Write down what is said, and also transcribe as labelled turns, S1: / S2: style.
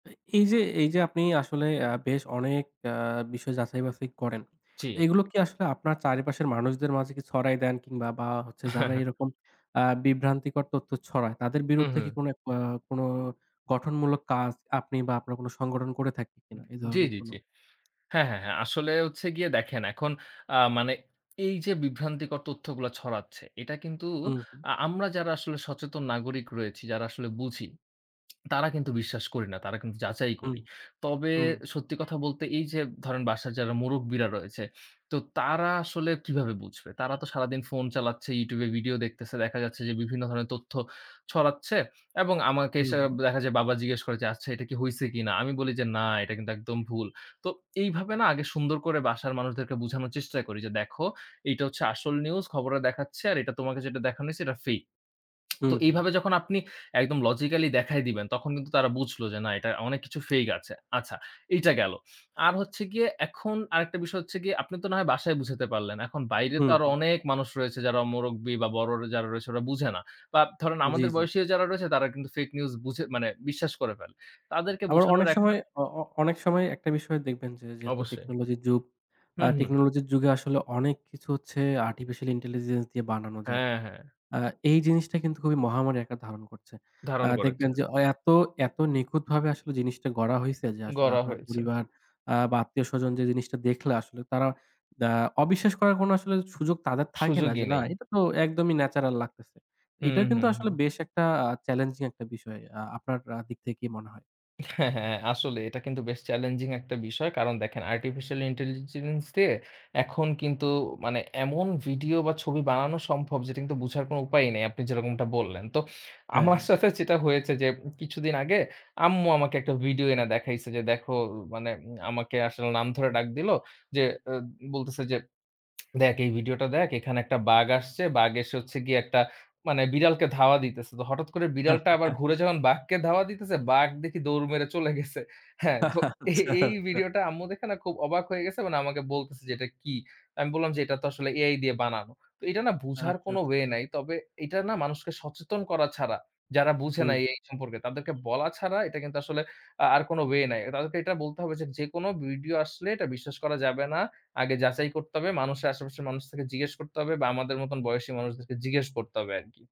S1: এই এই যে এই যে আপনি আসলে আ বেশ অনেক অ্যা বিষয় যাচাই বাছাই করেন।
S2: জি।
S1: এগুলো কি আসলে আপনার চারিপাশের মানুষদের মাঝে কি ছড়াই দেন কিংবা বা হচ্ছে যারা এরকম আ বিভ্রান্তিকর তথ্য ছড়ায় তাদের
S2: হু,
S1: বিরুদ্ধে কি
S2: হু।
S1: কোনো আ কোনো, গঠনমূলক কাজ আপনি বা আপনার কোন সংগঠন করে থাকে কিনা
S2: উম
S1: এই
S2: জ্বি,
S1: ধরনের
S2: জ্বি,
S1: কোন?
S2: জ্বি। হ্যাঁ, হ্যাঁ, হ্যাঁ আসলে হচ্ছে গিয়ে দেখেন এখন, আ মানে এই যে বিভ্রান্তিকর তথ্যগুলো ছড়াচ্ছে এটা কিন্তু
S1: হুম, হু।
S2: আ আমরা যারা আসলে সচেতন নাগরিক রয়েছি, যারা আসলে বুঝি। তারা কিন্তু বিশ্বাস করি না। তারা কিন্তু যাচাই
S1: হুম,
S2: করি। তবে
S1: হুম।
S2: সত্যি কথা বলতে এই যে, ধরেন বাসায় যারা মুরব্বীরা রয়েছে, তো তারা আসলে কিভাবে বুঝবে? তারা তো সারাদিন ফোন চালাচ্ছে, YouTube এ ভিডিও দেখতেছে। দেখা যাচ্ছে যে বিভিন্ন ধরনের তথ্য ছড়াচ্ছে। এবং আমাকে
S1: হুম,
S2: এসে
S1: হু।
S2: এ্যাব দেখা যায় বাবা জিজ্ঞেস করে যে, "আচ্ছা, এটা কি হইছে কিনা?" আমি বলি যে, "না, এটা কিন্তু একদম ভুল।" তো এইভাবে না আগে সুন্দর করে বাসার মানুষদেরকে বুঝানোর চেষ্টা করি যে, "দেখো এটা হচ্ছে আসল নিউজ খবরে দেখাচ্ছে। আর এটা তোমাকে যেটা দেখানো হয়েছে এটা fake." তো
S1: হুম, হু।
S2: এইভাবে যখন আপনি একদম logically দেখায় দিবেন তখন কিন্তু তারা বুঝল যে না এটা অনেক কিছু fake আছে। আচ্ছা, এইটা গেলো। আর হচ্ছে গিয়ে এখন আরেকটা বিষয় হচ্ছে গিয়ে আপনি তো না হয় বাসায় বুঝাতে পারলেন। এখন বাইরে তো
S1: হুম,
S2: আরো
S1: হু।
S2: অনেক মানুষ রয়েছে যারা মুরব্বী বা বড় যারা রয়েছে ওরা বুঝে না। বা ধরেন
S1: জি,
S2: আমাদের
S1: জি।
S2: বয়সী যারা রয়েছে তারা কিন্তু fake নিউজ বুঝে মানে বিশ্বাস করে ফেলে। তাদেরকে
S1: আবার
S2: বুঝানোর
S1: অনেক
S2: একটা
S1: সময় অ অ অনেক সময় একটা বিষয় দেখবেন যে যেহেতু
S2: অবশ্যই।
S1: টেকনোলজির যুগ। আ
S2: হুম, হুম।
S1: টেকনোলজির যুগে আসলে অনেক কিছু হচ্ছে আর্টিফিশিয়াল ইন্টেলিজেন্স দিয়ে বানানো যায়।
S2: হ্যাঁ, হ্যাঁ।
S1: আ এই জিনিসটা কিন্তু খুবই মহামারী আকার ধারণ করছে। আ
S2: ধারণ করেছে।
S1: দেখবেন যে এত, এত নিখুঁতভাবে আসলে জিনিসটা গড়া হইছে যে আসলে
S2: গড়া
S1: আপনার
S2: হয়েছে।
S1: পরিবার আ বা আত্মীয়স্বজন যে জিনিসটা দেখলে আসলে তারা আ অবিশ্বাস করার কোন
S2: উ
S1: আসলে সুযোগ
S2: হুম।
S1: তাদের থাকে না।
S2: সুযোগই
S1: যে না
S2: নাই।
S1: এটা তো একদমই ন্যাচারাল লাগতেছে। এটা
S2: হুম,
S1: কিন্তু
S2: হুম,
S1: আসলে
S2: হুম।
S1: বেশ একটা আ চ্যালেঞ্জিং একটা বিষয় আ আপনার আ দিক থেকে কি মনে হয়?
S2: হ্যাঁ, হ্যাঁ। আসলে এটা কিন্তু বেশ চ্যালেঞ্জিং একটা বিষয়। কারণ দেখেন আর্টিফিশিয়াল ইন্টেলিজেন্স দিয়ে, এখন কিন্তু মানে এমন ভিডিও বা ছবি বানানো সম্ভব যেটা কিন্তু বুঝার কোন উপায়ই নেই। আপনি যেরকমটা বললেন। তো
S1: হ্যাঁ,
S2: আমার
S1: হ্যাঁ।
S2: সাথে যেটা হয়েছে যে, কিছুদিন আগে আম্মু আমাকে একটা ভিডিও এনে দেখাইছে যে দেখো, মানে আমাকে আসলে নাম ধরে ডাক দিলো, যে এ্যাব বলতেছে যে, "দেখ এই ভিডিওটা দেখ এখানে একটা বাঘ আসছে।" বাঘ এসে হচ্ছে গিয়ে একটা মানে বিড়ালকে ধাওয়া দিতেছে। তো হঠাৎ করে বিড়ালটা আবার ঘুরে যখন বাঘকে ধাওয়া দিতেছে বাঘ দেখি দৌড় মেরে চলে গেছে। হ্যাঁ তো এই,
S1: আচ্ছা,
S2: এই
S1: আচ্ছা।
S2: ভিডিওটা আম্মু দেখে না খুব অবাক হয়ে গেছে মানে আমাকে বলতেছে যে, "এটা কী?" আমি বললাম যে, "এটা তো আসলে AI দিয়ে বানানো।" তো এটা না
S1: আচ্ছা,
S2: বুঝার
S1: আচ্ছা।
S2: কোন ওয়ে নাই। তবে এটা না মানুষকে সচেতন করা ছাড়া, যারা বুঝে
S1: হুম,
S2: না
S1: হু।
S2: AI সম্পর্কে তাদেরকে বলা ছাড়া এটা কিন্তু আসলে আ আর কোন ওয়ে নাই। তাদেরকে এটা বলতে হবে যে যেকোনো ভিডিও আসলে এটা বিশ্বাস করা যাবে না। আগে যাচাই করতে হবে, মানুষের আশেপাশের মানুষকে জিজ্ঞেস করতে হবে বা আমাদের মত বয়সী মানুষদেরকে জিজ্ঞেস করতে হবে আরকি।